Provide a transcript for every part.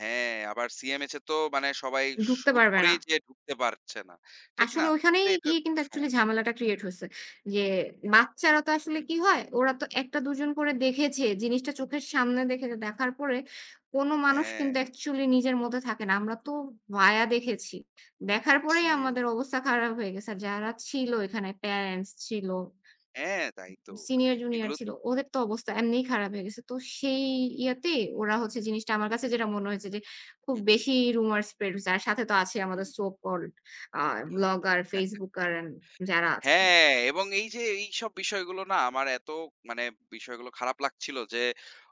হ্যাঁ, আবার সিএমএইচ এ তো মানে সবাই ঢুকতে শুট পারবে না। করেই যে, ঢুকতে পারছে না। ঠিক না? আসলে তো ঐখানেই এটা গিয়ে তো কিন্তু সম অ্যাকচুয়ালি ঝামেলাটা ক্রিয়েট হয়েছে। ইয়ে, বাচ্চারা তো আসলে হুম। কি হয়, ওরা তো একটা ২ জন করে দেখেছে জিনিসটা চোখের সামনে দেখেছে, দেখার পরে কোন মানুষ হ্যাঁ। কিন্তু অ্যাকচুয়ালি নিজের মধ্যে থাকে না। আমরা তো ভায়া দেখেছি। দেখার পরেই জি। আমাদের অবস্থা খারাপ হয়ে গেছে। আর যারা ছিল এখানে প্যারেন্টস ছিল। হ্যাঁ, তাই তো সিনিয়র জুনিয়র এগুলো ছিল। ওদের তো অবস্থা এমনিই খারাপ হয়ে গেছে। তো সেই ইয়েতে ওরা হচ্ছে জিনিসটা আমার কাছে যেটা মনে হয়েছে যে, খুব হু, হুম। বেশি রিউমার স্প্রেড হয়েছে। আর সাথে তো আছে আমাদের so called uh blogger, facebooker আ যারা আছেন। হ্যাঁ, এবং এই যে, এইসব বিষয়গুলো না আমার এত মানে বিষয়গুলো খারাপ লাগছিলো যে,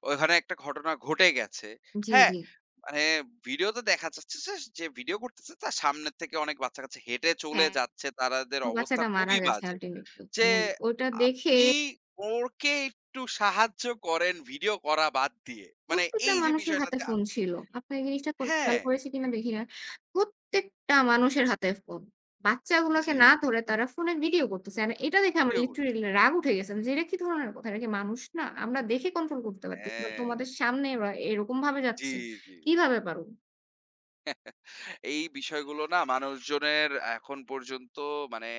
ওখানে একটা ঘটনা ঘটে গেছে। জি, হ্যাঁ? জি। মানে ভিডিওতে দেখা যাচ্ছে যে, ভিডিও করতেছে তার সামনে থেকে অনেক বাচ্চা-কাচ্চা হেঁটে চলে হ্যাঁ। যাচ্ছে, তাদের ও অবস্থা বাচ্চাটা মারা খুবই গেছে বাজে। আল্টিমেটলি। যে, মানে ওটা দেখে আপনি ওকে একটু সাহায্য করেন ভিডিও করা বাদ দিয়ে মানে প্রত্যেকটা এই যে, মানুষের হাতে বিষয়টাতে ফোন ছিল। আপনি এই জিনিসটা খেয়াল হ্যাঁ। করেছি কিনা দেখি না। প্রত্যেকটা মানুষের হাতে ফোন। বাচ্চাগুলোকে জি, না জি। ধরে তারা ফোনে ভিডিও করতেছে এন্ড এটা দেখে আমার ভিডিও করছে। লিটারেলি রাগ উঠে গেছে যে, এটা কি ধরনের কথা। এরা কি মানুষ না, আমরা দেখে কন্ট্রোল করতে পারতেছি না, হ্যাঁ। তোমাদের সামনে এরকম ভাবে জি, যাচ্ছে। জি, জি। কিভাবে পারো? এই বিষয়গুলো না, মানুষজনের এখন পর্যন্ত মানে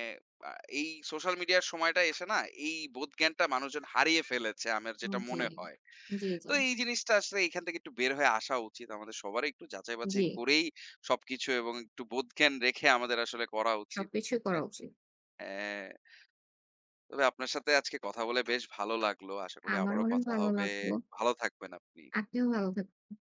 এই সোশ্যাল মিডিয়ার সময়টায় এসে, না এই বোধ জ্ঞানটা মানুষজন হারিয়ে ফেলেছে। আমার হুম, যেটা জি, মনে হয়। জি, জি। তো এই জিনিসটা আসলে এখান থেকে একটু বের হয়ে আসা উচিত। আমাদের সবারই একটু যাচাই-বাচাই জি। করেই সবকিছু এবং একটু বোধজ্ঞান রেখে আমাদের আসলে করা উচিত। সবকিছুই করা উচিত। হ্যাঁ, তবে আপনার সাথে আজকে কথা বলে বেশ ভালো লাগলো। আশা করি আমার আবারো অনেক কথা ভালো হবে। লাগলো। ভালো থাকবেন আপনি। আপনিও ভালো থাকবেন।